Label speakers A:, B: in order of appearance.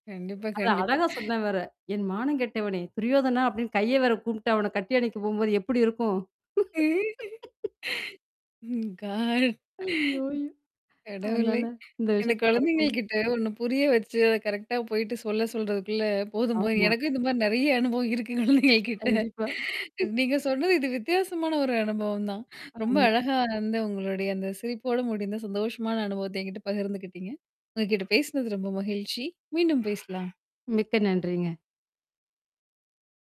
A: கண்டிப்பா,
B: அத
A: கண்டிப்பா.
B: அழகா சொன்னேன் வேற. "என் மானம் கெட்டவனே! துரியோதனா" அப்டின்னு கைய வேற கூம்பிட்டு அவன கட்டி அணைக்க போகும்போது எப்படி இருக்கும்?
A: க.
B: அய்யோ! அய்யோ!
A: கடவுளே!
B: அதனால இந்த
A: இந்த
B: விஷயத்த மறக்க
A: குழந்தைங்கள்ட்ட ஒண்ணு புரிய வச்சு, அத கரெக்ட்டா போயிட்டு சொல்ல சொல்றதுக்குள்ள போதும்போது
B: ஆமா.
A: எனக்கும் இந்த மாரி நெறைய அனுபவம் இருக்கு குழந்தைங்ககிட்ட.
B: கண்டிப்பா.
A: நீங்க சொன்னது இது வித்தியாசமான ஒரு அனுபவம் தான். ரொம்ப
B: ஆமா.
A: அழகா வந்து உங்களுடைய அந்த சிரிப்போட முடிந்த சந்தோஷமான அனுபவத்த என்கிட்ட பகிர்ந்துக்கிட்டீங்க. உங்ககிட்ட பேசினது ரொம்ப மகிழ்ச்சி. மீண்டும் பேசலாம்.
B: மிக்க நன்றிங்க.